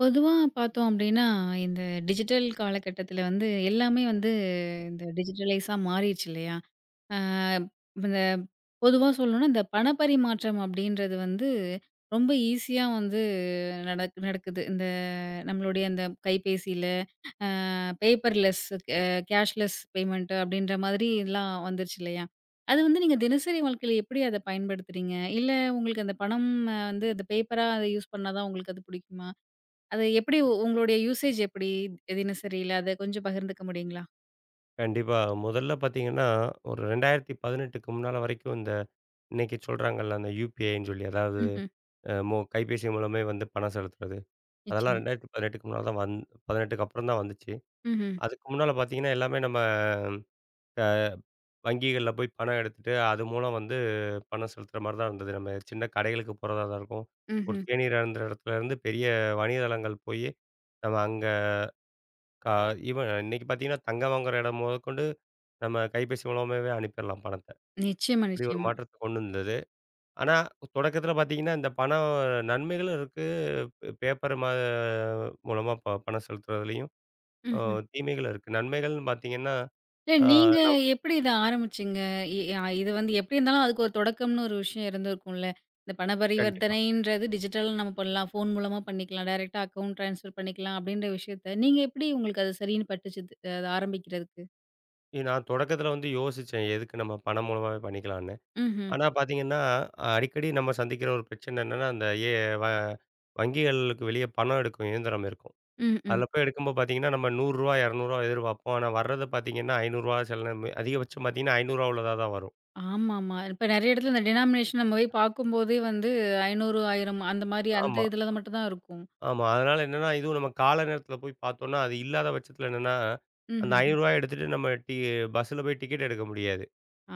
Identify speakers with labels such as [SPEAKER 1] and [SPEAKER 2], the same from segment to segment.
[SPEAKER 1] பொதுவா பாத்தோம் அப்படின்னா, இந்த டிஜிட்டல் காலகட்டத்துல வந்து எல்லாமே வந்து டிஜிட்டலைசா மாறிடுச்சு இல்லையா, ஆ! இப்ப இந்த பொதுவா சொல்லணும்னா இந்த பண பரிமாற்றம் அப்படின்றது வந்து ரொம்ப ஈசியா வந்து நடக் நடக்குது. இந்த நம்மளுடைய இந்த கைபேசியில அ பேப்பர்லெஸ், கேஷ்லெஸ் பெமென்ட் அப்படின்ற மாதிரி எல்லாம் வந்துருச்சு இல்லையா, அது வந்து, நீங்கத் தினசரி வாழ்க்கைல எப்படி அத பயன்படுத்துறீங்க? இல்ல உங்களுக்கு அந்தப் பணம் வந்து அந்த பேப்பரா யூஸ் பண்ணா தான் உங்களுக்கு அது பிடிக்குமா? அது எப்படி உங்களோட யூசேஜ் எப்படி தினசரில, அது கொஞ்சம் பகிர்ந்துக்க முடியுங்களா?
[SPEAKER 2] கண்டிப்பா. முதல்ல பாத்தீங்கன்னா, ஒரு 2018க்கு முன்னால வரைக்கும், இந்த இன்னைக்கு சொல்றாங்கல, அந்த UPIன்னு சொல்லி, அதாது
[SPEAKER 1] ம்ஹ்ம்.
[SPEAKER 2] அ மொ கைபேசி மூலமே வந்து பணம் செலுத்துறது. அதெல்லாம்
[SPEAKER 1] நிச்சயமா!
[SPEAKER 2] 2018க்கு முன்னால தான் வந் 18க்கு அப்புறம்தான் வந்துச்சு.
[SPEAKER 1] ம்ஹ்ம்.
[SPEAKER 2] அதுக்கு முன்னால பாத்தீங்கன்னா, எல்லாமே நம்ம அ வங்கிகள்ல போய் பணம் எடுத்துட்டு, அது மூலம் வந்து பணம் செலுத்துற மாரிதான் இருந்தது. நம்ம சின்னக் கடைகளுக்குப் போறதாதான் இருக்கும். ஒரு
[SPEAKER 1] ம்ஹ்ம்.
[SPEAKER 2] தேநீர் அருந்திற இடத்துலருந்து, பெரிய வணிகத்தளங்கள் போயி நம்ம அங்க க ஈவென் இன்னைக்கு பாத்தீங்கன்னா, தங்கம் வாங்குற இடம் முதகொண்டு நம்ம கைபேசி மூலமாவே அனுப்பிற்லாம், பணத்தை.
[SPEAKER 1] நிச்சயமா,
[SPEAKER 2] இப்படி ஒரு
[SPEAKER 1] நிச்சயமா.
[SPEAKER 2] மாற்றத்தை கொண்டு வந்தது. ஆனா தொடக்கத்துல பாத்தீங்கன்னா, இந்த பணம் நன்மைகளும் இருக்கு. பேப்பர் மா மூலமா பணம் செலுத்துறதுலயும்
[SPEAKER 1] ம்ஹ்ம்.
[SPEAKER 2] தீமைகளும் இருக்கு. நன்மைகள்ன்னு பார்த்தீங்கன்னா,
[SPEAKER 1] இல்ல,
[SPEAKER 2] ஆ,
[SPEAKER 1] நீங்க
[SPEAKER 2] ந
[SPEAKER 1] எப்படி இத ஆரம்பிச்சீங்க? எ அ இது வந்து, எப்படி இருந்தாலும் அதுக்கு ஒரு தொடக்கம்னு ஒரு விஷயம் இருந்துருக்கும்ல. இந்தப் பண
[SPEAKER 2] கண்டிப்பா.
[SPEAKER 1] பரிவர்த்தனைன்றது டிஜிட்டல்னு நம்ம பண்ணலாம், போன் மூலமா பண்ணிக்கலாம், டைரக்ட்டா அக்கௌன்ட் ட்ரான்ஸ்பெர் பண்ணிக்கலாம், அப்படின்ற விஷயத்த நீங்க எப்படி உங்களுக்கு அது சரின்னு பட்டுச்சு அது ஆரம்பிக்கறதுக்கு?
[SPEAKER 2] இது நான் தொடக்கத்துல வந்து யோசிச்சேன். எதுக்கு நம்ம பணம் மூலமாவே பண்ணிக்கலாம்னு.
[SPEAKER 1] ம்ஹம்.
[SPEAKER 2] ஆனா பாத்தீங்கன்னா, அடிக்கடி நம்ம சந்திக்கிற ஒரு பிரச்சனை என்னன்னா அந்த ஏ வ வங்கிகளுக்கு வெளிய பணம் எடுக்கும் இயந்திரம் இருக்கும்.
[SPEAKER 1] ம். ம்.
[SPEAKER 2] அதுல போய் எடுக்கும்போது பாத்தீங்கன்னா நம்ம ரூ. 100 ரூ. 200 எதிர்பார்ப்போம். ஆனா வர்றத பாத்தீங்கன்னா ரூ. 500 சில நேரம் அதிகபட்சம் பாத்தீங்கன்னா ரூ. 500 உள்ளதா தான் வரும்.
[SPEAKER 1] ஆமாமா. இப்ப நிறைய இடத்துல டினோமினேஸன் நம்ம போய் பாக்கும்போதே வந்து 500, 1000 அந்த மாரி அந்த
[SPEAKER 2] ஆமா.
[SPEAKER 1] இதுல மட்டும் தான் இருக்கும்.
[SPEAKER 2] ஆமா. அதனால என்னன்னா இதுவும் நம்ம கால நேரத்துல போய் பாத்தோம்னா, அது இல்லாத பட்சத்துல என்னன்னா அந்த
[SPEAKER 1] ம்ஹ்ம்ஹ்ம்.
[SPEAKER 2] ரூ. 500 எடுத்துட்டு நம்ம டி பஸ்ல போய் டிக்கெட் எடுக்க முடியாது.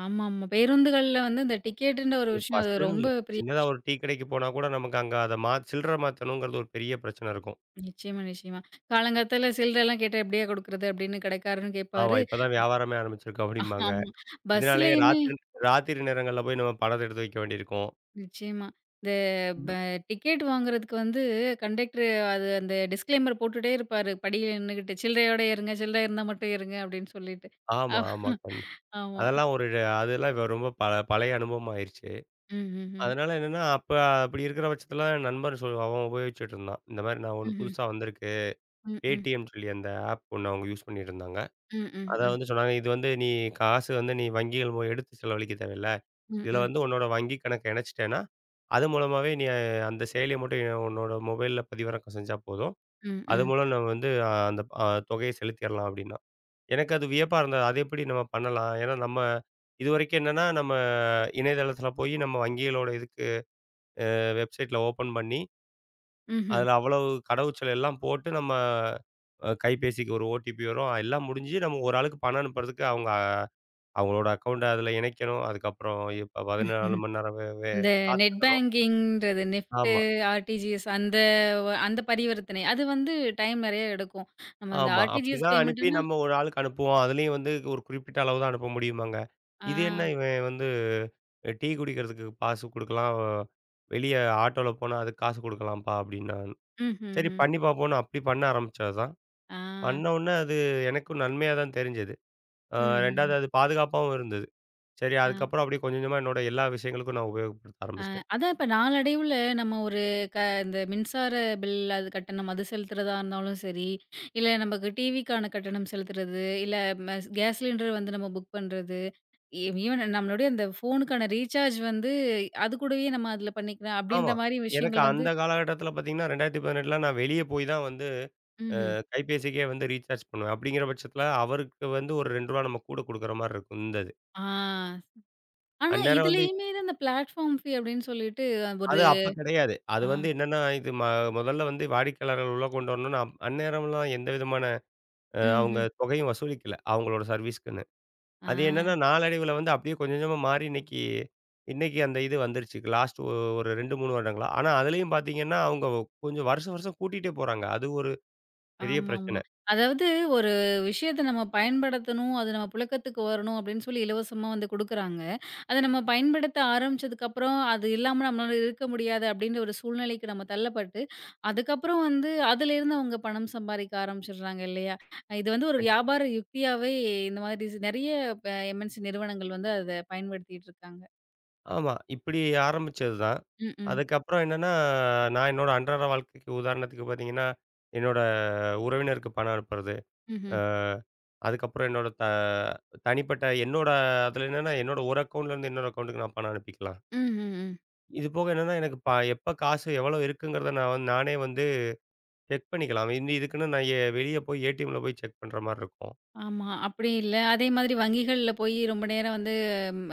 [SPEAKER 1] ஆமாமா. பேருந்துகள்ல வந்து இந்த டிக்கெட்ன்ற ஒரு விஷயம். அது
[SPEAKER 2] பஸ்னு இல்ல.
[SPEAKER 1] ரொம்ப பெரி
[SPEAKER 2] சின்னதா ஒரு டீ கடைக்குப் போனா கூட நமக்கு அங்க அத மா சில்ற மாத்தணுங்கிறது ஒரு பெரிய பிரச்சன இருக்கும்.
[SPEAKER 1] நிச்சயமா. நிச்சயமா. காலங்காத்தால சில்றல்லாம் கேட்டா எப்படியா குடுக்கறது? அப்படின்னு கடைக்காரரும்
[SPEAKER 2] ஆமா.
[SPEAKER 1] கேப்பாரு.
[SPEAKER 2] இப்ப தான் வியாபாரமே ஆரம்பிச்சிருக்கு அப்டிம்பாங்க.
[SPEAKER 1] ஆமா.
[SPEAKER 2] இதனாலயே
[SPEAKER 1] பஸ்லயுமே
[SPEAKER 2] ராத்திரி ராத்திரி நேரங்கள்ல போய் நம்ம பணத்த எடுத்து வைக்க வேண்டி இருக்கும்.
[SPEAKER 1] நிச்சயமா. இந்த ப
[SPEAKER 2] [unintelligible]
[SPEAKER 1] டிக்கெட் வாங்குறதுக்கு வந்து கண்டக்டரு வ அது அந்த டிஸ்களைமர் போட்டுட்டே இருப்பாரு. படியில் நின்னுகிட்டு சில்றயோட ஏறுங்க. சில்ற இருந்தா மட்டும் ஏறுங்க அப்படின்னு சொல்லிட்டு.
[SPEAKER 2] ஆமா, ஆமா. கண்
[SPEAKER 1] ஆமா.
[SPEAKER 2] அதெல்லாம் ஒரு அ அதெல்லாம் ரொம்ப பழய அனுபவமாயிருச்சு.
[SPEAKER 1] ம்ஹ்ம்ஹ்ம்.
[SPEAKER 2] அதனால என்னன்னா அப்ப அப்படி இருக்கிற பட்சத்தில என் நண்பர் சொ அவன் உபயோகிச்சிட்டு இருந்தான். இந்த மாரி நான் ஒண்ணு
[SPEAKER 1] ம்ஹ்ம்.
[SPEAKER 2] புதுசா வந்திருக்கு.
[SPEAKER 1] ம். ம்.
[SPEAKER 2] Paytmன்னு சொல்லி அந்த ஆப் ஒண்ணு அவங்க யூஸ் பண்ணிட்டு இருந்தாங்க.
[SPEAKER 1] ம். ம்.
[SPEAKER 2] அத
[SPEAKER 1] ம்.
[SPEAKER 2] வந்து சொன்னாங்க. இது வந்து நீ காசு வந்து நீ வங்கிகள் எடுத்துச் செலவழிக்க தேவயில்ல.
[SPEAKER 1] ம்.
[SPEAKER 2] இதுல
[SPEAKER 1] ம்.
[SPEAKER 2] வந்து உன்னோட வங்கி கணக்கு இணச்சிட்டேன்னா அது மூலமாவே நீ அந்தச் செயலிய மட்டும் உன்னோட மொபைல்ல பதிவிறக்கம் செஞ்சா போதும்.
[SPEAKER 1] ம்.
[SPEAKER 2] அது
[SPEAKER 1] ம்.
[SPEAKER 2] மூலம் நாம வந்து அந்தத் தொகைய செலுத்திறலாம் அப்படின்னான். எனக்கு அது வியப்பா இருந்தது. அத எப்படி நம்ம பண்ணலாம்? ஏன்னா நம்ம இதுவரைக்கும் என்னன்னா நம்ம இணையதளத்துல போய் நம்ம வங்கிகளோட இதுக்கு அ வெப்சைட்ல ஓபன் பண்ணி,
[SPEAKER 1] ம்ஹ்ம்.
[SPEAKER 2] அதுல அவ்வளவு கடவுச்சொல் எல்லாம் போட்டு நம்ம கைபேசிக்கு ஒரு ஓடிபி வரும், எல்லாம் முடிஞ்சி நம்ம ஒரு ஆளுக்கு பணம் அனுப்புறதுக்கு அவங்க அவங்களோட அக்கவுண்ட அதுல இணைக்கணும். அதுக்கப்புறம் 14 மணி நேரம் வே வே
[SPEAKER 1] அந்த நெட்
[SPEAKER 2] காத்திருக்கணும்.
[SPEAKER 1] பேங்கிங்ன்றது, நெஃப்ட்டு,
[SPEAKER 2] ஆமா.
[SPEAKER 1] ஆர்ட்டிஜிஎஸ் அந்த அந்தப் பரிவர்த்தனை அது வந்து டைம் நெறய எடுக்கும். நம்ம அந்த
[SPEAKER 2] ஆமா.
[SPEAKER 1] ஆர்ட்டிஜிஎஸ்
[SPEAKER 2] அப்படித்தான் அனுப்பி
[SPEAKER 1] பேமண்ட்ன்னா
[SPEAKER 2] நம்ம ஒரு ஆளுக்கு அனுப்புவோம். அதுலயும் வந்து ஒரு குறிப்பிட்ட அளவுதான் அனுப்ப முடியுமாங்க. இது என்ன
[SPEAKER 1] ஆ.
[SPEAKER 2] இவன் வந்து டீ குடிக்கிறதுக்கு காசு குடுக்கலாம். வெளிய ஆட்டோல போனா அதுக்கு காசு கொடுக்கலாம்பா அப்படின்னான். சரி
[SPEAKER 1] ம்ஹ்ம்ஹ்ம்.
[SPEAKER 2] பண்ணி பாப்போம்னு அப்படி பண்ண ஆரம்பிச்சதுதான்.
[SPEAKER 1] ஆ.
[SPEAKER 2] பண்ணோனா, அது எனக்கும் நன்மையா தான் தெரிஞ்சது. அ 2வது
[SPEAKER 1] ம்ஹ்ம்.
[SPEAKER 2] அது பாதுகாப்பாவும் இருந்தது. சரி
[SPEAKER 1] அ.
[SPEAKER 2] அதுக்கப்புறம் அப்படி கொஞ்சம் கொஞ்சமா என்னோட எல்லா விஷயங்களுக்கும் நான் உபயோகப்படுத்த
[SPEAKER 1] அ
[SPEAKER 2] ஆரம்பிச்சிட்டேன்.
[SPEAKER 1] அதான். இப்ப நாளடைவுல நம்ம ஒரு க இந்த மின்சார பில் அது கட்டணம் அது செலுத்துறதா இருந்தாலும் சரி, இல்ல நமக்கு டிவிக்கான கட்டணம் செலுத்துறது, இல்ல ம கேஸ் சிலிண்டர் வந்து நம்ம புக் பண்றது. ஈவ் ஈவென் நம்மளுடைய அந்தப் ஃபோனுக்கான ரீசார்ஜ் வந்து அது கூடவே நாம அதுல பண்ணிக்கலாம் அப்படின்ற
[SPEAKER 2] ஆமா.
[SPEAKER 1] மாதிரி
[SPEAKER 2] எனக்கு
[SPEAKER 1] விஷயங்கள் வந்து
[SPEAKER 2] அந்தக் காலகட்டத்தில பாத்தீங்கன்னா, 2018ல நான் வெளிய போய் தான் வந்து அ
[SPEAKER 1] ம்ஹ்ம்.
[SPEAKER 2] கைபேசிக்கே வந்து ரீசார்ஜ் பண்ணுவேன். அப்படிங்கிற பட்சத்தில அவருக்கு வந்து ஒரு ரூ. 2 நம்ம கூட குடுக்கிற மாரிருக்கும் இருந்தது.
[SPEAKER 1] ஆ. ஆனா
[SPEAKER 2] அந்நேரம் வந்து
[SPEAKER 1] இதுலயுமே இந்த பிளாட்பார்ம் ஃபீ அப்படின்னு சொல்லிட்டு
[SPEAKER 2] அது
[SPEAKER 1] ஒரு
[SPEAKER 2] அப்பக் கிடையாது. அது
[SPEAKER 1] அ.
[SPEAKER 2] வந்து என்னன்னா இது ம முதல்ல வந்து வாடிக்கையாளர்கள் உள்ள கொண்டு வரணும். அந்நேரமெல்லாம் எந்தவிதமான அ அவங்க
[SPEAKER 1] ம்ஹ்ம்.
[SPEAKER 2] தொகையும் வசூலிக்கல. அவங்களோட சர்வீஸ்சுக்குன்னு அது என்னன்னா
[SPEAKER 1] ஆ.
[SPEAKER 2] நாளடைவில வந்து அப்படியே கொஞ்சம் கொஞ்சமா மாறி இன்னைக்கு இன்னைக்கு அந்த இது வந்துருச்சு. லாஸ்டு ஒரு 2, 3 வருடங்களா. ஆனா அதுலயும் பாத்தீங்கன்னா அவங்க கொஞ்சம் வருஷம் வருஷம் கூட்டிட்டே போறாங்க. அது ஒரு பெரிய
[SPEAKER 1] ஆமாமா.
[SPEAKER 2] பிரச்சனை.
[SPEAKER 1] அதாவது ஒரு விஷயத்த நம்ம பயன்படுத்தணும். அது நம்ம புழக்கத்துக்கு வரணும் அப்படின்னு சொல்லி இலவசமா வந்து கொடுக்குறாங்க. அத நம்ம பயன்படுத்த ஆரம்பிச்சதுக்கு அப்புறம் அது இல்லாம நம்மளால இருக்க முடியாது அப்படின்னு ஒரு சூழ்நிலைக்கு நாம தள்ளப்பட்டு, அதுக்கப்புறம் வந்து அதுல இருந்து அவங்க பணம் சம்பாதிக்க ஆரம்பிச்சிருறாங்க இல்லையா? இது வந்து ஒரு
[SPEAKER 2] கண்டிப்பா.
[SPEAKER 1] வியாபார யுக்தியாவே. இந்த மாரி நிறைய எம். என். சி நிறுவனங்கள் வந்து அத பயன்படுத்திட்டு இருக்காங்க.
[SPEAKER 2] ஆமா. இப்படி ஆரம்பிச்சதுதான்.
[SPEAKER 1] ம், ம்.
[SPEAKER 2] அதுக்கப்புறம் என்னன்னா, நான் என்னோட அன்றாட வாழ்க்கைக்கு உதாரணத்துக்குப் பாத்தீங்கன்னா, என்னோட உறவினருக்கு பணம் அனுப்புறது.
[SPEAKER 1] ம்ஹம்.
[SPEAKER 2] அ அதுக்கப்புறம் என்னோட த தனிப்பட்ட, என்னோட அதுல என்னன்னா என்னோட ஒரு அக்கவுண்ட்ல இருந்து இன்னொரு அக்கவுண்ட்க்கு நான் பணம் அனுப்பிக்கலாம்.
[SPEAKER 1] ம். ம். ம்.
[SPEAKER 2] இது போக என்னன்னா, எனக்கு பா எப்ப காசு எவ்வளோ இருக்குங்கிறத நான் நானே வந்து செக் பண்ணிக்கலாம். இதுக்குன்னு நான் எ வெளிய போய் ஏடிஎம்ல போய் செக் பண்ற மாரி இருக்கும்.
[SPEAKER 1] ஆமா. அப்படி இல்ல. அதே மாதிரி வங்கிகள்ல போய் ரொம்ப நேரம் வந்து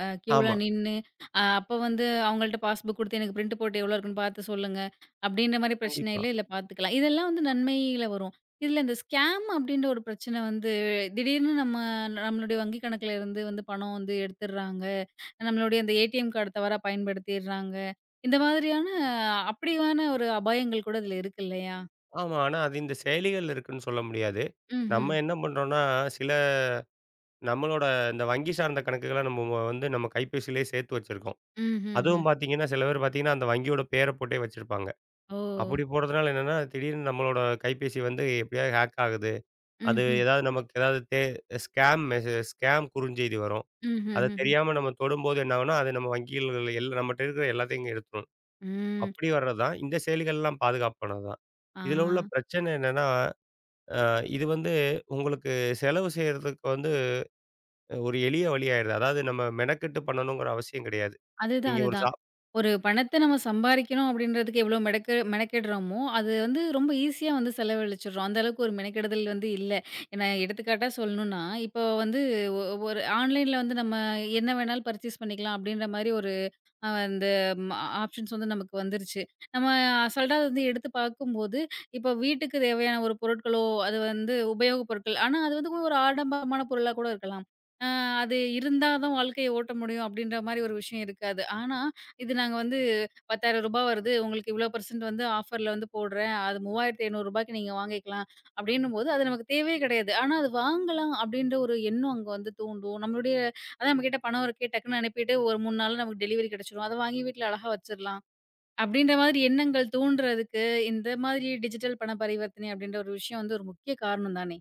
[SPEAKER 1] அ க்யூல
[SPEAKER 2] ஆமா.
[SPEAKER 1] நின்னு, அ அப்போ வந்து அவங்கள்ட்ட பாஸ்புக் குடுத்து எனக்கு பிரிண்ட் போட்டு எவ்வளோ இருக்குன்னு பாத்து சொல்லுங்க அப்படின்ற மாரி பிரச்சனை
[SPEAKER 2] கண்டிப்பா.
[SPEAKER 1] இல்ல. இதுல பாத்துக்கலாம். இதெல்லாம் வந்து நன்மையில வரும். இதுல இந்த ஸ்கேம் அப்படின்ற ஒரு பிரச்சனை வந்து திடீர்னு நம்ம நம்மளுடைய வங்கி கணக்குல இருந்து வந்து பணம் வந்து எடுத்துறாங்க. நம்மளுடைய அந்த ஏடிஎம் கார்டு தவறாப் பயன்படுத்திறாங்க. இந்த மாதிரியான அப்படியான ஒரு அபாயங்கள் கூட இதுல இருக்குல்லையா?
[SPEAKER 2] ஆமா. ஆனா அது இந்தச் செயலிகள்ல இருக்குன்னு சொல்ல முடியாது.
[SPEAKER 1] ம்ஹம்.
[SPEAKER 2] நம்ம என்ன பண்றோம்னா, சில நம்மளோட இந்த வங்கி சார்ந்த கணக்குகள நம்ம மு வ வந்து நம்ம கைப்பேசியிலே சேர்த்து வச்சிருக்கோம்.
[SPEAKER 1] ம்ஹம்ஹ்ம்.
[SPEAKER 2] அதுவும் பாத்தீங்கன்னா சில பேர் பாத்தீங்கன்னா, அந்த வங்கியோட பேர போட்டே வச்சிருப்பாங்க. அப்படி
[SPEAKER 1] ஓ!
[SPEAKER 2] போடுறதுனால என்னன்னா, திடீர்னு நம்மளோட கைபேசி வந்து எப்படியோ ஹாக் ஆகுது. அது
[SPEAKER 1] ம்ஹ்ம்.
[SPEAKER 2] எதாவது நமக்கு எதாவது தே ஸ்கேம் மெசேஜ் ஸ்கேம் குறுஞ்செய்தி வரும். அத
[SPEAKER 1] ம்ஹம்ஹ்ம்ஹ்ம்.
[SPEAKER 2] தெரியாம நம்ம தொடும்போது என்ன ஆகும்னா? அது நம்ம வங்கிகள்ல எல்லாம் நம்மட்ட இருக்குற எல்லாத்தையும் எடுத்துரும்.
[SPEAKER 1] ம்.
[SPEAKER 2] அப்படி வர்றதுதான் இந்தச் செயலிகள் எல்லாம் பாதுகாப்பானது தான். இதுல உள்ள
[SPEAKER 1] அ.
[SPEAKER 2] பிரச்சனை என்னன்னா? அ இது வந்து உங்களுக்குச் செலவு செய்றதுக்கு வந்து ஒரு எளிய வழி ஆயிடுது. அதாவது நம்ம மெனக்கெட்டு பண்ணனுங்கற அவசியம் கிடையாது.
[SPEAKER 1] அது தான்,
[SPEAKER 2] இங்க
[SPEAKER 1] அது
[SPEAKER 2] ஒரு
[SPEAKER 1] தான்.
[SPEAKER 2] சா
[SPEAKER 1] ஒரு பணத்த நம்ம சம்பாறிக்கணும் அப்படின்றதுக்கு எவ்வளவு மெடெக்கெட் மெனக்கெடுறமோ, அது வந்து ரொம்ப ஈஸியா வந்து செலவழிச்சிறோம். அந்த அளவுக்கு ஒரு மெனக்கெடுதல் வந்து இல்ல. ஏனா எடுத்துக்காட்டா சொல்லணுனா இப்போ வந்து ஒ ஒரு ஆன்லைன்ல வந்து நம்ம என்ன வேணாலும் பர்சேஸ் பண்ணிக்கலாம் அப்படின்ற மாரி ஒரு அ அந்த ஆப்ஷன்ஸ் வந்து நமக்கு வந்துருச்சு. நம்ம அசால்டா வந்து எடுத்துப் பாக்கும் போது இப்போ வீட்டுக்கு தேவையான ஒரு பொருட்களோ, அது வந்து உபயோக பொருட்கள் ஆனா அது வந்து ஒரு ஆடம்பரமான பொருளா கூட இருக்கலாம். அ அது இருந்தாதான் வாழ்க்கைய ஓட்ட முடியும் அப்படின்ற மாரி ஒரு விஷயம் இருக்காது. ஆனா, இது நாங்க வந்து ரூ. 10,000 வருது. உங்களுக்கு இவ்வளோ பர்சண்ட் வந்து ஆஃபர்ல வந்து போடுறேன். அது ரூ. 3500 நீங்க வாங்கிக்கலாம் அப்படின்னு போது, அது நமக்குத் தேவையே கிடையாது. ஆனா அது வாங்கலாம் அப்படின்ற ஒரு எண்ணம் அங்க வந்து தூண்டும். நம்மளுடைய அதான் நம்மகிட்ட பணம் இருக்கே, டக்குன்னு அனுப்பிட்டு ஒரு 3 நாள்ல நமக்கு டெலிவெரி கிடைச்சுரும். அதை வாங்கி வீட்டுல அழகா வச்சிரலாம், அப்படின்ற மாறி எண்ணங்கள் தூண்டுறதுக்கு இந்த மாதிரி டிஜிட்டல் பண பரிவர்த்தனை அப்படின்ற ஒரு விஷயம் ஒரு முக்கிய காரணம் தானே?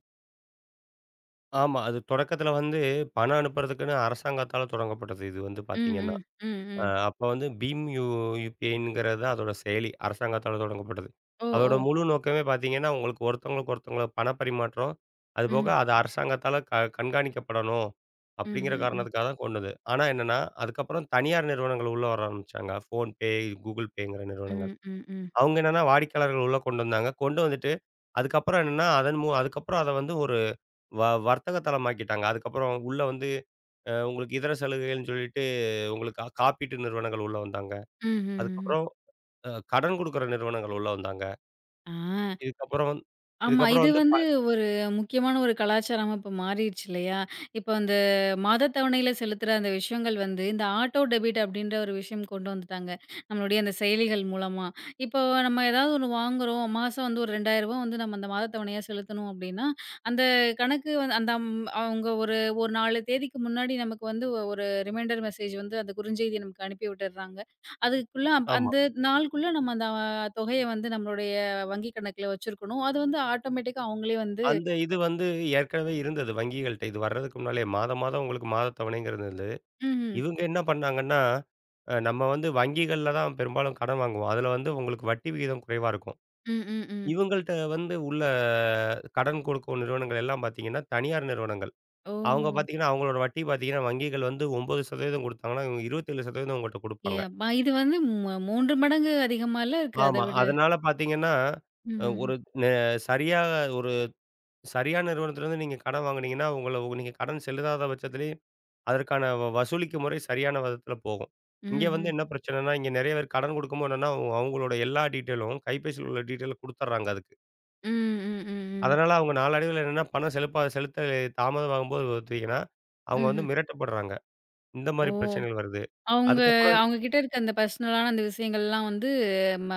[SPEAKER 2] ஆமா. அது தொடக்கத்துல வந்து பணம் அனுப்புறதுக்குன்னு அரசாங்கத்தால தொடங்கப்பட்டது, இது வந்து
[SPEAKER 1] ம்,
[SPEAKER 2] பாத்தீங்கன்னா.
[SPEAKER 1] ம். ம்,
[SPEAKER 2] அ
[SPEAKER 1] ம்.
[SPEAKER 2] அப்ப வந்து பிம் யு UPIங்கறதா அதோட செயலி, அரசாங்கத்தால தொடங்கப்பட்டது.
[SPEAKER 1] ஒ!
[SPEAKER 2] அதோட
[SPEAKER 1] ஓ!
[SPEAKER 2] முழு நோக்கமே பாத்தீங்கன்னா உங்களுக்கு ஒருத்தங்களுக்கொருத்தங்களோ பணப் பரிமாற்றம், அது போக
[SPEAKER 1] ம்.
[SPEAKER 2] அது அரசாங்கத்தால க கண்காணிக்கப்படணும் அப்படிங்கற
[SPEAKER 1] ம்ஹ்ம்ஹ்ம்.
[SPEAKER 2] காரணத்துக்காகதான் கொண்டது. ஆனா என்னன்னா, அதுக்கப்புறம் தனியார் நிறுவனங்கள் உள்ள வர ஆரம்பிச்சாங்க, PhonePe, Google Payங்கர நிறுவனங்கள்.
[SPEAKER 1] ம், ம், ம்.
[SPEAKER 2] அவங்க என்னன்னா வாடிக்கையாளர்கள உள்ள கொண்டு வந்தாங்க, கொண்டு வந்துட்டு, அதுக்கப்புறம் என்னன்னா அதன்மு அதுக்கப்புறம் அத வந்து ஒரு வ வர்த்தக தளமாக்கிட்டாங்க. அதுக்கப்புறம் உள்ள வந்து அ உங்களுக்கு இதர சலுகைகள்ன்னு சொல்லிட்டு உங்களுக்கா காப்பீட்டு நிறுவனங்கள் உள்ள வந்தாங்க.
[SPEAKER 1] ம்ஹ்ம்ஹ்ம்.
[SPEAKER 2] அதுக்கப்புறம் அ கடன் குடுக்கற நிறுவனங்கள் உள்ள வந்தாங்க.
[SPEAKER 1] ஆ!
[SPEAKER 2] இதுக்கு அப்புறம் வந்
[SPEAKER 1] ஆமா.
[SPEAKER 2] இதுக்கு அப்புறம்
[SPEAKER 1] இது
[SPEAKER 2] வந்து
[SPEAKER 1] வந்து
[SPEAKER 2] ப
[SPEAKER 1] ஒரு முக்கியமான ஒரு கலாச்சாரமா இப்ப மாறிச்சு இல்லையா? இப்ப அந்த மாதத் தவணையில செலுத்துற அந்த விஷயங்கள் வந்து இந்த ஆட்டோ டெபிட் அப்படின்ற ஒரு விஷயம் கொண்டு வந்துட்டாங்க, நம்மளுடைய அந்தச் செயலிகள் மூலமா. இப்போ நம்ம ஏதாது ஒண்ணு வாங்குறோம், மாசம் வந்து ஒரு ரூ. 2,000 வந்து அந்த மாதத் தவணையா செலுத்தணும் அப்படின்னா அந்த கணக்கு வந்து அந்த ம் அவங்க ஒரு ஒரு நாலு தேதிக்கு முன்னாடி நமக்கு வந்து ஒ ஒரு ரீமைண்டர் மெஸேஜ் வந்து அந்த குறுஞ்செய்தி நமக்கு அனுப்பி விட்டர்றாங்க. அதுக்குள்ள
[SPEAKER 2] ஆமா.
[SPEAKER 1] அந்த நாளுக்குள்ள நம்ம அந்த தொகைய வந்து நம்மளுடைய வங்கி கணக்குல வச்சிருக்கணும். அது வந்து ஆட்டோமேட்டிக்கா அவங்களே வந்து
[SPEAKER 2] அந்த இது வந்து ஏற்கனவே இருந்தது வங்கிகள்ட்ட, இது வர்றதுக்கு முன்னாலேயே மாதம் மாதம் உங்களுக்கு மாதத் தவணைங்கறது அது.
[SPEAKER 1] ம்ஹ்ம்.
[SPEAKER 2] இவங்க என்ன பண்ணாங்கன்னா, அ நம்ம வந்து வங்கிகள்ல தான் பெரும்பாலும் கடன் வாங்குவோம். அதுல வந்து உங்களுக்கு வட்டி விகிதம் குறைவா இருக்கும்.
[SPEAKER 1] ம், ம், ம்.
[SPEAKER 2] இவங்கள்ட்ட வந்து உள்ள கடன் குடுக்கும் நிறுவனங்கள் எல்லாம் பாத்தீங்கன்னா தனியார் நிறுவனங்கள். அவங்க
[SPEAKER 1] ஓ!
[SPEAKER 2] பாத்தீங்கன்னா அவங்களோட வட்டி பாத்தீங்கன்னா வங்கிகள் வந்து 9% கொடுத்தாங்கனா, இவங்க 27% உங்கள்ட்ட
[SPEAKER 1] ஏ
[SPEAKER 2] குடுப்பாங்க.
[SPEAKER 1] அப்பா! இது வந்தும் மு மூன்று மடங்கு அதிகமால்ல இருக்கு
[SPEAKER 2] ஆமா.
[SPEAKER 1] அதவிட.
[SPEAKER 2] அதனால பாத்தீங்கன்னா
[SPEAKER 1] ம்ஹ்ம்ஹ்ம்.
[SPEAKER 2] ஒருக் நெ சரியாகா ஒரு சரியான நிறுவனத்திலிருந்து நீங்க கடன் வாங்குனீங்கன்னா, உங்கள ஒ நீங்க கடன் செலுதாத பட்சத்திலயும் அதற்கான வசூலிக்கும் முறை சரியான விதத்துல போகும். இங்க வந்து
[SPEAKER 1] ம்ஹ்ம்.
[SPEAKER 2] என்ன பிரச்சனனா இங்க நெறைய பேர் கடன் குடுக்கும்போ என்னன்னா அவங்களோட எல்லா டீட்டெய்லும் கைபேசில உள்ள டீட்டெய்லும் குடுத்தர்றாங்க, அதுக்கு.
[SPEAKER 1] ம். ம். ம். ம்.
[SPEAKER 2] அதனால அவங்க நாளடைவில்ல என்னன்னா, பணம் செலுப்பா செலுத்த தாமதம் ஆகும் போது பாத்தீங்கன்னா, அவங்க வந்து
[SPEAKER 1] ம்ஹ்ம்.
[SPEAKER 2] மிரட்டப்படுறாங்க. இந்த
[SPEAKER 1] ஓ!
[SPEAKER 2] மாரி பிரச்சனைகள் வருது.
[SPEAKER 1] அவங்க
[SPEAKER 2] அதுக்கப்புறம்
[SPEAKER 1] அவங்க கிட்ட இருக்க அந்த பர்சனலான அந்த விஷயங்கள்லாம் வந்து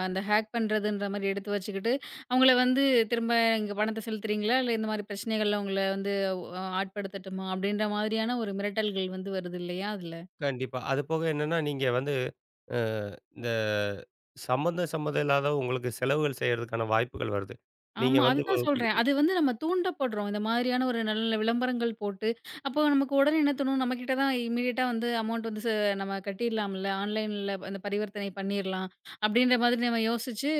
[SPEAKER 1] அந்த ஹேக் பண்றதுன்றது மாரி எடுத்து வச்சிக்கிட்டு, அவங்கள வந்து திரும்ப இங்க பணத்த செலுத்துறீங்களா? இல்லா இந்த மாரி பிரச்சனைகள்ல உங்கள வந்து உ ஆட்படுத்தட்டுமா அப்படின்ற மாரியான ஒரு மிரட்டல்கள் வந்து வருது இல்லையா அதுல?
[SPEAKER 2] கண்டிப்பா. அது போக என்னன்னா, நீங்க வந்து, அ இந்தச் சம்பந்த சம்மந்தமில்லாத உங்களுக்குச் செலவுகள் செய்றதுக்கான வாய்ப்புகள் வருது. நீங்க
[SPEAKER 1] ஆமா. அது
[SPEAKER 2] வந்து
[SPEAKER 1] தான் சொல்றேன். அது
[SPEAKER 2] [unintelligible]
[SPEAKER 1] வந்து நம்ம தூண்டபடுறோம். இந்த மாதிரியான ஒரு நல்ல நல்ல விளம்பரங்கள் போட்டு அப்போ நமக்கு உடனே என்ன தோணும், நம்மகிட்ட தான் இம்மீடியட்டா வந்து அமௌன்ட் வந்து நம்ம ச கட்டிரலாம்ல! ஆன்லைன்ல அந்தப் பரிவர்த்தனை பண்ணிரலாம் அப்படின்னுற மாதிரி யோசிச்சு,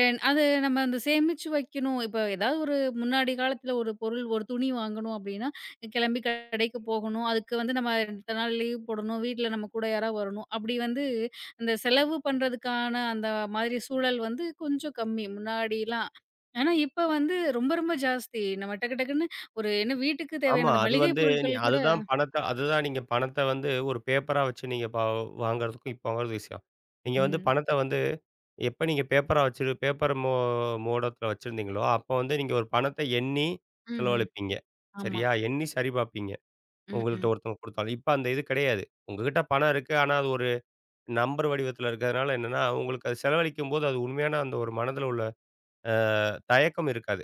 [SPEAKER 1] என் அது நம்ம அந்தச் சேமிச்சு வைக்கணும், இப்போ ஏதாது ஒரு முன்னாடி காலத்துல ஒரு பொருள், ஒரு துணி வாங்கணும் அப்படின்னா கெளம்பி கடைக்கு போகணும், அதுக்கு வந்து நம்ம 2 நாள் லீவ் போடணும், வீட்ல நம்ம கூட யாரா வரணும், அப்படி வந்து அந்தச் செலவு பண்றதுக்கான, அந்த மாதிரி சூழல் வந்து கொஞ்சம் கம்மி, முன்னாடிலாம். ஆனா இப்ப வந்து ரொம்ப ரொம்ப ஜாஸ்தி. நம்ம டக்கு டக்குன்னு ஒரு என்ன வீட்டுக்கு
[SPEAKER 2] ஆமா,
[SPEAKER 1] தேவையான
[SPEAKER 2] அது
[SPEAKER 1] மளிகை
[SPEAKER 2] வந்து நீ
[SPEAKER 1] பொருட்கள் கூட
[SPEAKER 2] அதுதான் பணத்த அதுதான் நீங்கப் பணத்த வந்து ஒரு பேப்பரா வச்சு நீங்க வா வாங்குறதுக்கும் இப்போ வாங்கும் விஷயம். நீங்க வந்து,
[SPEAKER 1] ம்.
[SPEAKER 2] பணத்த வந்து, எப்ப நீங்க பேப்பரா வச்சு பேப்பர் மோ மோடத்துல வச்சுருந்தீங்களோ, அப்ப வந்து, நீங்க ஒரு பணத்த எண்ணி
[SPEAKER 1] ம்ஹ்ம்.
[SPEAKER 2] செலவழிப்பீங்க.
[SPEAKER 1] ஆமா.
[SPEAKER 2] சரியா? எண்ணி சரி பாப்பீங்க.
[SPEAKER 1] ம்.
[SPEAKER 2] உங்கள்ட
[SPEAKER 1] ம்.
[SPEAKER 2] ஒருத்தங்க கொடுத்தாலும், இப்ப அந்த இது கடையாது. உங்ககிட்ட பணம் இருக்கு, ஆனா அது ஒரு நம்பர் வடிவத்துல இருக்குறனால என்னன்னா, உங்களுக்கு அதச் செலவழிக்கும்போது, அது உண்மயான அந்த ஒரு மனதுல உள்ள அ தயக்கம் இருக்காது.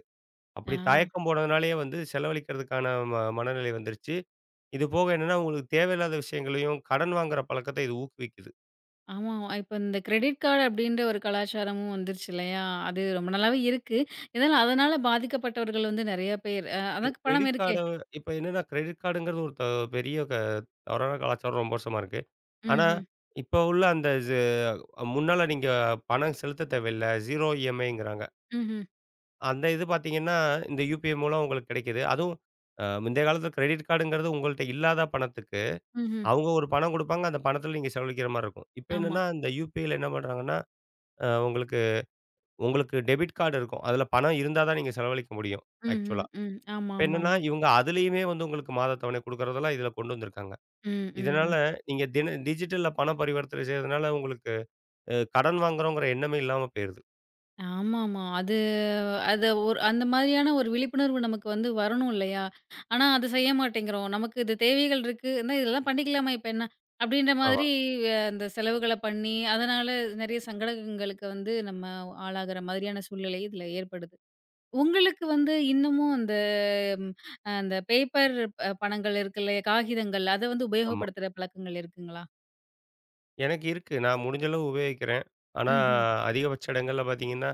[SPEAKER 2] அப்படி
[SPEAKER 1] ஆ.
[SPEAKER 2] தயக்கம் போனதுனாலேயே வந்து செலவழிக்கறதுக்கான ம மனநிலை வந்துருச்சு. இது போக என்னன்னா, உங்களுக்குத் தேவையில்லாத விஷயங்களையும், கடன் வாங்குற பழக்கத்த இது ஊக்குவிக்குது.
[SPEAKER 1] ஆமாமா. இப்ப இந்தக் கிரெடிட் கார்டு அப்படின்ற ஒரு கலாச்சாரமும் வந்துருச்சு இல்லையா? அது ரொம்ப நாளாவே இருக்கு. இருந்தாலும் அதனால பாதிக்கப்பட்டவர்கள் வந்து நெறைய பேர்
[SPEAKER 2] கி
[SPEAKER 1] அதாக் பணம்
[SPEAKER 2] கிரெடிட்
[SPEAKER 1] இருக்கே.
[SPEAKER 2] கார்ட இப்ப என்னன்னா கிரெடிட் கார்டுங்கிறது ஒரு த பெரிய அ தவறான கலாச்சாரம் ரொம்ப வருஷமா இருக்கு. ஆனா
[SPEAKER 1] ம்ஹ்ம்.
[SPEAKER 2] இப்போ உள்ள அந்த சு முன்னால நீங்கப் பணம் செலுத்தத் தேவையில்ல. 0 EMIங்கிறாங்க.
[SPEAKER 1] ம்ஹ்ம்.
[SPEAKER 2] அந்த இது பாத்தீங்கன்னா, இந்த UPI மூலம் உங்களுக்குக் கிடைக்குது. அதுவும், அ முந்தைய காலத்துல கிரெடிட் கார்டுன்றது உங்கள்ட்ட இல்லாத பணத்துக்கு.
[SPEAKER 1] ம்ஹ்ம்.
[SPEAKER 2] அவங்க ஒரு பணம் கொடுப்பாங்க, அந்தப் பணத்துல நீங்கச் செலவழிக்கிற மாரி இருக்கும். இப்ப
[SPEAKER 1] ஆமா.
[SPEAKER 2] என்னன்னா இந்த UPIல என்ன பண்றாங்கன்னா, அ உங்களுக்கு உங்களுக்கு டெபிட் கார்டு இருக்கும். அதுல பணம் இருந்தா தான் நீங்கச் செலவழிக்க முடியும்,
[SPEAKER 1] ம்ஹ்ம்,
[SPEAKER 2] ஆக்சுவலா.
[SPEAKER 1] ம்.
[SPEAKER 2] இப்ப என்னன்னா
[SPEAKER 1] ஆமாமாமா.
[SPEAKER 2] இவங்க அதுலயுமே வந்து உங்களுக்கு மாதத் தவணை கொடுக்கிறதுலாம் இதுல கொண்டு வந்துருக்காங்க.
[SPEAKER 1] ம், ம்,
[SPEAKER 2] இதனால
[SPEAKER 1] ம்.
[SPEAKER 2] நீங்க தின டிஜிட்டல்ல பணம் பரிவர்த்தனை செய்றதுனால உங்களுக்கு, அ கடன் வாங்குறங்குறோம்ன்ற எண்ணமே இல்லாம போயிருது!
[SPEAKER 1] ஆமாமா. அது அது, ஒரு அந்த மாரியான ஒரு விழிப்புணர்வு நமக்கு வந்து வரணும் இல்லையா? ஆனா அது செய்ய மாட்டேங்குறோம். நமக்கு இது தேவைகள் இருக்கு, இதெல்லாம் பண்ணிக்கலாமே, இப்ப என்ன? அப்படின்னு
[SPEAKER 2] ஆமா.
[SPEAKER 1] மாரி அந்தச் செலவுகளப் பண்ணி, அதனால நிறைய சங்கடங்களுக்கு வந்து நாம ஆளாகுற மாரியான சூழ்நிலை இதுல ஏற்படுது. உங்களுக்கு வந்து இன்னமும் அந்த ம் அ அந்த பேப்பர் ப பணங்கள் இருக்குல்ல, காகிதங்கள், அத வந்து
[SPEAKER 2] ஆமா.
[SPEAKER 1] உபயோகப்படுத்துற பழக்கங்கள் இருக்குங்களா?
[SPEAKER 2] எனக்கு இருக்கு, நான் முடிஞ்ச அளவு உபயோகிக்கிறேன். ஆனா,
[SPEAKER 1] ம்ஹ்ம்.
[SPEAKER 2] அதிகபட்ச இடங்கள்ல பாத்தீங்கன்னா,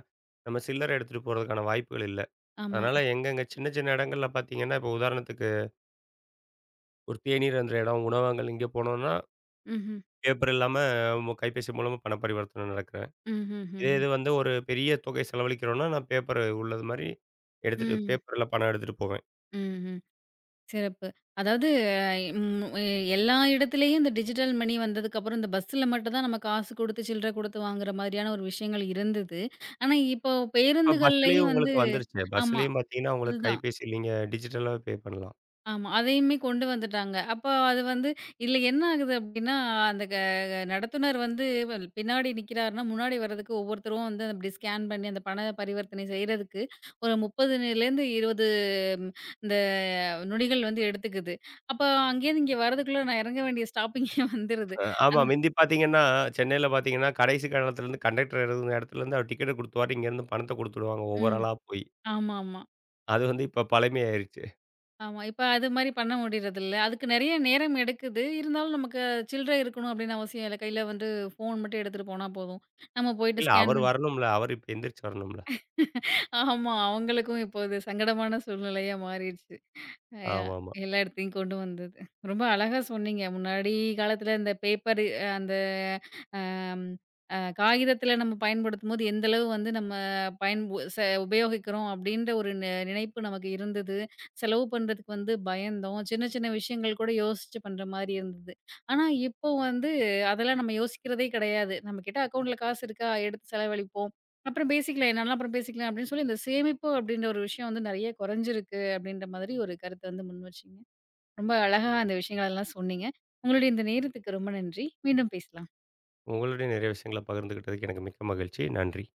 [SPEAKER 2] நம்ம சில்லறை எடுத்துட்டுப் போறதுக்கான வாய்ப்புகள் இல்ல.
[SPEAKER 1] ஆமா.
[SPEAKER 2] அதனால எங்க எங்க சின்ன சின்ன இடங்கள்ல பாத்தீங்கன்னா, இப்ப உதாரணத்துக்கு ஒரு தேநீர் அருந்துற எடம், உணவகங்கள் இங்க போனோம்னா,
[SPEAKER 1] ம்ஹ்ம்.
[SPEAKER 2] பேப்பர் இல்லாம, உங்க கைபேசி மூலமா பணப் பரிவர்த்தன நடக்குது. இதே
[SPEAKER 1] ம்ஹ்ம்ஹ்ம்ஹ்ம்.
[SPEAKER 2] இது வந்து ஒரு பெரிய தொகை செலவளிக்கறோம்னா, நான் பேப்பர் உள்ளது மாரி எடுத்துட்டு,
[SPEAKER 1] ம்.
[SPEAKER 2] பேப்பர்ல பணம் எடுத்துட்டுப் போவேன்.
[SPEAKER 1] ம், ம். சிறப்பு. அதாவது அ ம் அ எல்லா இடத்துலயும் இந்த டிஜிட்டல் மணி வந்ததுக்கப்புறம் இந்த பஸ்ல மட்டும் தான் நம்ம காசு கொடுத்து சில்ற கொடுத்து வாங்குற மாதிரியான ஒரு விஷயங்கள் இருந்தது. ஆனா இப்போ
[SPEAKER 2] ஆ பஸ்லயும்
[SPEAKER 1] பேருந்துகளிலயும் வந்து
[SPEAKER 2] உங்களுக்கு வந்துருச்சு.
[SPEAKER 1] ஆமா
[SPEAKER 2] பஸ்லயும் பாத்தீங்கன்னா
[SPEAKER 1] அது
[SPEAKER 2] உங்களுக்கு
[SPEAKER 1] தான்.
[SPEAKER 2] கைபேசில நீங்க டிஜிட்டலா பே பண்ணலாம்.
[SPEAKER 1] ஆமா அதையுமே கொண்டு வந்துட்டாங்க. அப்போ அது வந்து இதுல என்ன ஆகுது அப்படின்னா அந்த க நடத்துனர் வந்து வ பின்னாடி நிக்கறாருன்னா, முன்னாடி வர்றதுக்கு ஒவ்வொருத்தரும் வந்து அத அப்டி ஸ்கேன் பண்ணி அந்தப் பண பரிவர்த்தனை செய்றதுக்கு ஒரு 30 நில இருந்து 20 இந்த நொடிகள் வந்து எடுத்துக்குது. அப்போ அங்கிருந்து இங்க வர்றதுக்குள்ள நான் இறங்க வேண்டிய ஸ்டாப்பிங்கே வந்துருது.
[SPEAKER 2] அ ஆமா,
[SPEAKER 1] அந்
[SPEAKER 2] மிந்தி பார்த்தீங்கன்னா சென்னையில பார்த்தீங்கன்னா கடைசி [unintelligible] இடத்திலிருந்து கண்டக்டர் இருக்குற இடத்திலிருந்து அவரு டிக்கெட் கொடுத்துருவாரு, இங்க இருந்து பணத்தை குடுத்துடுவாங்க ஒவ்வொரு
[SPEAKER 1] ம்,
[SPEAKER 2] ஆளா போய்.
[SPEAKER 1] ஆமாமா.
[SPEAKER 2] அது வந்து இப்போ பழைமை ஆயிருச்சு.
[SPEAKER 1] ஆமா. இப்போ அது மாரி பண்ண முடியறதில்ல. அதுக்கு நிறைய நேரம் எடுக்குது. இருந்தாலும் நமக்குச் சில்லறை இருக்கணும் அப்படின்னு அவசியம் இல்ல. கைல வந்து போன் மட்டும் எடுத்துட்டு போனா போதும். நாம போயிட்டு
[SPEAKER 2] இல்ல
[SPEAKER 1] ஸ்கேன்
[SPEAKER 2] அவரு
[SPEAKER 1] பண்ணி
[SPEAKER 2] வரணும்ல! அவரு இப்டி எந்திருச்சு வரணும்ல.
[SPEAKER 1] ஆமா. அவங்களுக்கும் இப்போ அது சங்கடமான சூழ்நிலையா மாறிருச்சு. யா
[SPEAKER 2] ஆமாமா.
[SPEAKER 1] எல்லா இடத்தையும் கொண்டு வந்தது. ரொம்ப அழகா சொன்னீங்க. முன்னாடி காலத்துல அந்த பேப்பரு அ அந்த அ அ காகிதத்துல நம்ம பயன்படுத்தும்போது எந்த அளவு வந்து நம்ம பயன் செ உபயோகிக்கிறோம் அப்படின்ற ஒரு நெ நினைப்பு நமக்கு இருந்தது. செலவு பண்றதுக்கு வந்து பயந்தோம். சின்ன சின்ன விஷயங்கள் கூட யோசிச்சு பண்ற மாதிரி இருந்தது. ஆனா இப்போ வந்து அதெல்லாம் நம்ம யோசிக்கிறதே கெடையாது. நம்ம கிட்ட அக்கவுண்ட்ல காசு இருக்கா? எடுத்துச் செலவழிப்போம். அப்பறம் பேசிக்கலாம். என்னன்னாலும் அப்புறம் பேசிக்கலாம் அப்படின்னு சொல்லி இந்தச் சேமிப்பு அப்படின்னு ஒரு விஷயம் வந்து நிறைய கொறைஞ்சுருக்கு அப்படின்ற மாதிரி ஒரு கருத்த வந்து முன்வச்சீங்க. ரொம்ப அழகா அந்த விஷயங்கள எல்லாம் சொன்னீங்க. உங்களோடைய இந்த நேரத்துக்கு ரொம்ப நன்றி. மீண்டும் பேசலாம்.
[SPEAKER 2] உங்களோடயும் நெறைய விஷயங்கள பகிர்ந்துக்கிட்டதுக்கு எனக்கு மிக்க மகிழ்ச்சி. நன்றி.